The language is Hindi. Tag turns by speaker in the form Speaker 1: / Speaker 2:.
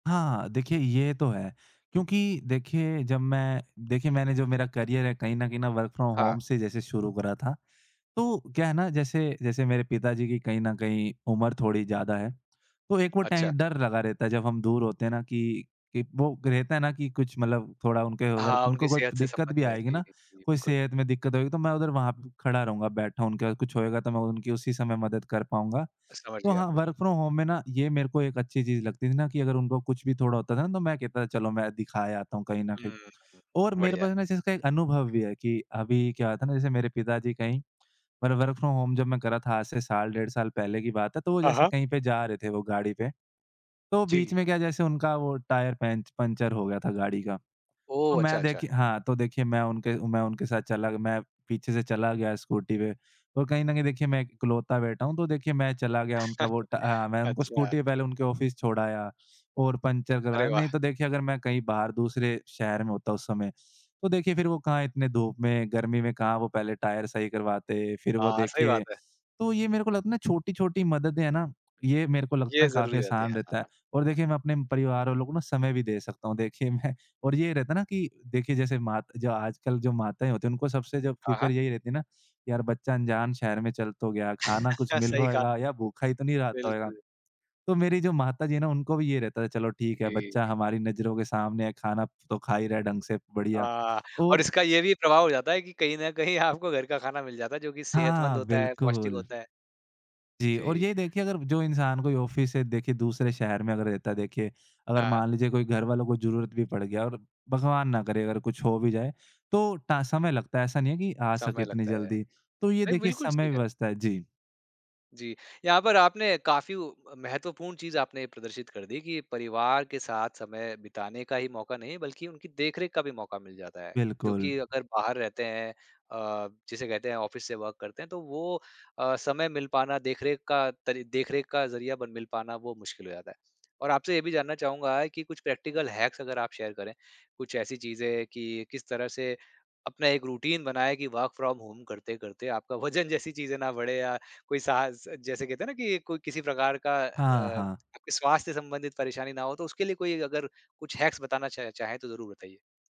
Speaker 1: हाँ, देखिए ये तो है, क्योंकि देखिए जब मैं देखिए मैंने जो मेरा करियर है कहीं न कहीं ना वर्क फ्रॉम
Speaker 2: हाँ।
Speaker 1: होम से जैसे शुरू करा था, तो क्या है ना जैसे जैसे मेरे पिताजी की कहीं न कहीं उम्र थोड़ी ज़्यादा है, तो एक वो टै
Speaker 2: अच्छा।
Speaker 1: डर लगा रहता है, जब हम दूर होते हैं ना कि एक वो रहता है ना कि कुछ मतलब थोड़ा उनके अगर
Speaker 2: हाँ, उनकी
Speaker 1: उनको कोई
Speaker 2: सेहत से
Speaker 1: दिक्कत भी
Speaker 2: संबंध में है,
Speaker 1: आएगी
Speaker 2: जी,
Speaker 1: ना, कोई
Speaker 2: बिल्कुल।
Speaker 1: सेहत में दिक्कत होएगी तो मैं उधर वहाँ खड़ा रहूँगा, बैठा उनके साथ, कुछ होएगा तो मैं उनकी उसी समय मदद कर पाऊँगा।
Speaker 2: समझ
Speaker 1: तो
Speaker 2: गया
Speaker 1: हाँ,
Speaker 2: आपको।
Speaker 1: वर्क फ्रॉम होम में ना ये मेरे को एक अच्छी चीज़ लगती थी ना, कि अगर उनको कुछ भी थोड़ा होता था ना तो मैं कहता था, "चलो मैं दिखा आता हूँ" कहीं न
Speaker 2: हुँ,
Speaker 1: कहीं।
Speaker 2: हुँ।
Speaker 1: और मेरे
Speaker 2: बढ़िया।
Speaker 1: पास ना इस चीज़ का एक अनुभव भी है कि अभी क्या होता है ना, जैसे मेरे पिताजी कहीं मतलब वर्क फ्रॉम होम जब मैं कर रहा था आज से साल-डेढ़ साल पहले की बात है, तो वो
Speaker 2: हाँ,
Speaker 1: जैसे
Speaker 2: हाँ।
Speaker 1: कहीं पे जा रहे थे वो गाड़ी पे, तो बीच
Speaker 2: जी।
Speaker 1: में क्या जैसे उनका वो टायर पैंच पंचर हो गया था गाड़ी का। तो
Speaker 2: ओह! अच्छा,
Speaker 1: मैं
Speaker 2: अच्छा।
Speaker 1: देखिए हाँ, तो देखिए मैं उनके मैं उनके साथ चला गया मैं पीछे से चला गया स्कूटी पे और कहीं न कहीं देखिए मैं इकलौता बेटा हूँ, तो देखिए मैं चला गया उनका वो टा अ, मैं उनको
Speaker 2: अच्छा।
Speaker 1: स्कूटी पहले उनके ऑफ़िस छोड़ आया और पंचर
Speaker 2: अरे,
Speaker 1: करवाया। नहीं
Speaker 2: वाह!
Speaker 1: तो देखिए अगर मैं कहीं बाहर दूसरे शहर में होता उस समय, तो देखिए फिर वो कहाँ इतने धूप में, गर्मी में कहाँ वो पहले टायर सही करवाते, फिर वो
Speaker 2: हाँ, सही
Speaker 1: देखिए
Speaker 2: बात है।
Speaker 1: तो ये मेरे को लगता है ना छोटी-छोटी मददें है ना, ये मेरे को लगता
Speaker 2: ये
Speaker 1: है
Speaker 2: ज़रूरी
Speaker 1: काफ़ी
Speaker 2: रहते
Speaker 1: आसान
Speaker 2: हैं।
Speaker 1: रहता है
Speaker 2: हाँ।
Speaker 1: और देखिए मैं अपने परिवार वालों को ना समय भी दे सकता हूँ। देखिए मैं और ये रहता है ना कि देखिए जैसे मात जो आजकल जो माताएँ होती हैं, उनको सबसे जो
Speaker 2: हाँ,
Speaker 1: फिक्र
Speaker 2: हाँ।
Speaker 1: यही रहती है ना यार, बच्चा अनजान शहर में चल तो गया, खाना कुछ मिल
Speaker 2: सही
Speaker 1: रहा
Speaker 2: कहा।
Speaker 1: होएगा या भूखा ही तो नहीं रहता होगा।
Speaker 2: बिल्कुल।
Speaker 1: तो मेरी जो माताजी हैं ना, उनको भी यही रहता है चलो ठीक है,
Speaker 2: जी।
Speaker 1: बच्चा हमारी नज़रों के सामने है, खाना तो खा ही रहा है ढंग से बढ़िया
Speaker 2: अ, और
Speaker 1: और
Speaker 2: इसका ये भी प्रभाव हो जाता है कि कहीं न कहीं आपको घर का खाना मिल जाता, जो कि
Speaker 1: हाँ, हाँ,
Speaker 2: सेहतमंद
Speaker 1: हाँ,
Speaker 2: होता है, पौष्टिक
Speaker 1: बिल्कुल।
Speaker 2: होता है।
Speaker 1: जी और
Speaker 2: जी।
Speaker 1: यही देखिए अगर जो इंसान कोई ऑफ़िस से देखिए दूसरे शहर में अगर रहता है देखिए, अगर
Speaker 2: हाँ।
Speaker 1: मान लीजिए कोई घरवालों को ज़रूरत भी पड़ गया और भगवान ना करे अगर कुछ हो भी जाए, तो टा समय लगता है, ऐसा नहीं है कि आ सके
Speaker 2: समय
Speaker 1: इतनी
Speaker 2: लगता है।
Speaker 1: जल्दी तो ये
Speaker 2: भई
Speaker 1: देखिए
Speaker 2: बिल्कुल सही
Speaker 1: समय
Speaker 2: कह रहे हो।
Speaker 1: व्यवस्था जी।
Speaker 2: जी, यहाँ पर आपने काफ़ी व महत्वपूर्ण चीज़ आपने प्रदर्शित कर दी, कि परिवार के साथ समय बिताने का ही मौका नहीं, बल्कि उनकी देख-रेख का भी मौका मिल जाता है। जो
Speaker 1: बिल्कुल।
Speaker 2: कि अगर बाहर रहते हैं अ, जिसे कहते हैं ऑफ़िस से वर्क करते हैं तो वो अ, समय मिल पाना, देख-रेख का तरी देख-रेख का ज़रिया बन मिल पाना वो मुश्किल हो जाता है। और आपसे ये भी जानना चाहूँगा है कि कुछ प्रैक्टिकल हैक्स अगर आप शेयर करें, कुछ ऐसी चीज़ें कि किस तरह से अपना एक रूटीन बनाएँ कि वर्क फ्रॉम होम करते-करते आपका वजन जैसी चीज़ें ना बढ़ें या कोई साहस जैसे कहते हैं ना कि कोई किसी प्रकार का अ,
Speaker 1: हाँ, हाँ।
Speaker 2: आपके स्वास्थ्य से संबंधित परेशानी ना हो तो उसके लिए कोई अगर कुछ हैक्स बताना चाहें चाहें तो ज़रूर बताइए?